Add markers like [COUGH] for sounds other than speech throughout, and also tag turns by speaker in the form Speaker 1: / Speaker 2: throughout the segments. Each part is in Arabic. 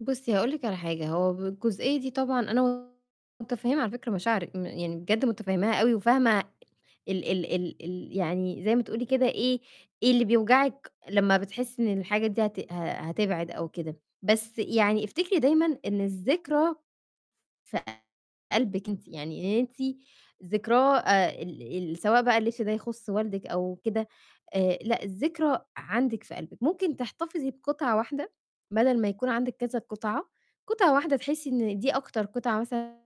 Speaker 1: بُصّي، هاقول لكِ على حاجة، هو بالجزئية دي طبعًا أنا متفهّمه على فكرة مشاعرِِك م يعني بجد متفهّماها أوي وفاهمة ال ال ال ال يعني زي ما تقولي كده إيه، إيه اللي بيوجعِك لمّا بتحسي إن الحاجات دي هت ه هتبعد أو كده، بس يعني افتكري دايمًا إن الذكرى في قلبِك أنتِ، يعني إن أنتِ ذكراه آآ، ال ال سواء بقى الِلبس ده يخُصّ والدِك أو كده آآ، لأ الذكرى عندِك في قلبِك، ممكن تحتفظي بقطعة واحدة بَدَل ما يكون عندِك كذا قطعة، قطعة واحدة تحسي إن دي أكتر قطعة مثلًا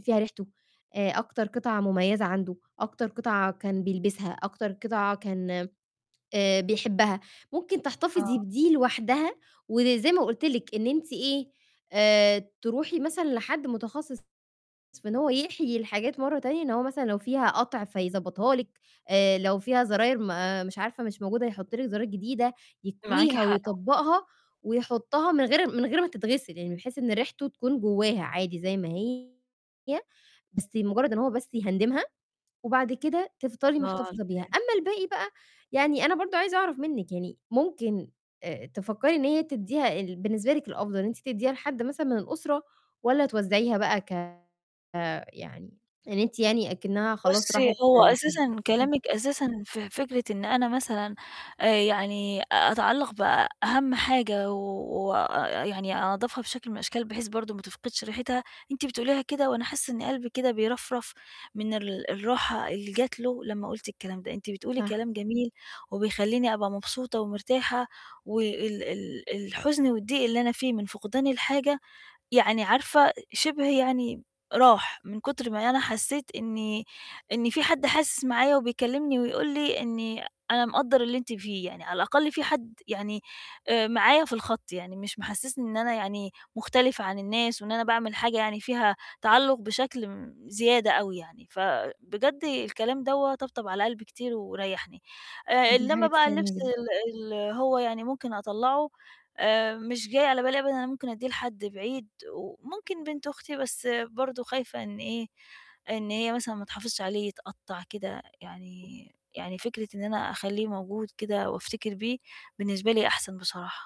Speaker 1: فيها ريحتُه، آآ، أكتر قطعة مميزة عندُه، أكتر قطعة كان بيلبسها، أكتر قطعة كان آآ، بيحبها، ممكن تحتفظي
Speaker 2: آه.
Speaker 1: بدي لوحدها، وزي ما قُلت لكِ إن أنتِ إيه آآ، ترُوحي مثلًا لحد متخصِّص في إن هو يحيي الحاجات مرّه تانية، إن هو مثلًا لو فيها قَطْع فيضبطها لكِ، آآ، لو فيها زراير ما مش عارفة مش موجودة يحُطّ لكِ زراير جديدة،
Speaker 2: معاكِ
Speaker 1: يكويها
Speaker 2: حق، آه.
Speaker 1: ويطبَّقها ويحُطّها من غير من غير ما تتغسِل يعني، بحيث إن ريحتُه تكون جواها عادي زي ما هي، بس مجرّد إن هو بس يهندِمها، وبعد كده تفضلي
Speaker 2: الله على
Speaker 1: محتفظة بيها،
Speaker 2: [UNINTELLIGIBLE]
Speaker 1: أمّا الباقي بقى، يعني أنا برضه عايزة أعرف منِّك يعني ممكن آآ، تفكّري إن هي تدّيها ال بالنسبة لِك الأفضل إن أنتِ تديها لحد مثلًا من الأُسرة، والَّا توّزعيها بقى ك يعني إن أنتِ يعني أكِنَّها خلاص
Speaker 2: بُصّي،
Speaker 1: راحت
Speaker 2: هو
Speaker 1: لحد.
Speaker 2: أساسًا
Speaker 1: [UNINTELLIGIBLE]
Speaker 2: كلامِك أساسًا في فكرة إن أنا مثلًا، آآ، يعني أتعلّق بأهم حاجة و وآآ يعني أنضّفها بشكل من الأشكال بحيث برضه ما تفقدش ريحتها، أنتِ بتقوليها كده وأنا حاسة إن قلبي كده بيرفرف من ال الراحة اللي جَت له لمّا قُلتِ الكلام ده، أنتِ بتقولي
Speaker 1: صح.
Speaker 2: كلام جميل، وبيخليني أبقى مبسوطة ومرتاحة، وال ال الحُزن والضيق اللي أنا فيه من فُقدان الحاجة، يعني عارفة شِبْه يعني راح من كُتْر ما أنا حسيت إن إن فيه حد حاسس معايا وبيكلّمني ويقول لي إني أنا مقدّر اللي أنتِ فيه، يعني على الأقل فيه حد يعني، آآ، معايا في الخط، يعني مش محسِّسني إن أنا يعني مختلفة عن الناس، وإن أنا باعمل حاجة يعني فيها تعلُّق بشكل م زيادة أوي يعني، فبجد الكلام دَوَّة طَبطَب على قلبي كتير وريّحني، آآ،
Speaker 1: دي
Speaker 2: إنّما
Speaker 1: حاجة
Speaker 2: بقى الِلبس
Speaker 1: تسعِدني جدًا.
Speaker 2: ال ال هو يعني ممكن أطلّعُه، آآ، مش جاي على بالي أبدًا إن أنا ممكن أدِّيه لحد بعيد، وممكن بنت أختي، بس برضه خايفة إن إيه، إن هي مثلًا ما تحافظش عليه يتقطَّع كده، يعني يعني فكرة إن أنا أخليه موجود كده وأفتكر بيه بالنسبة لي أحسن بصراحة.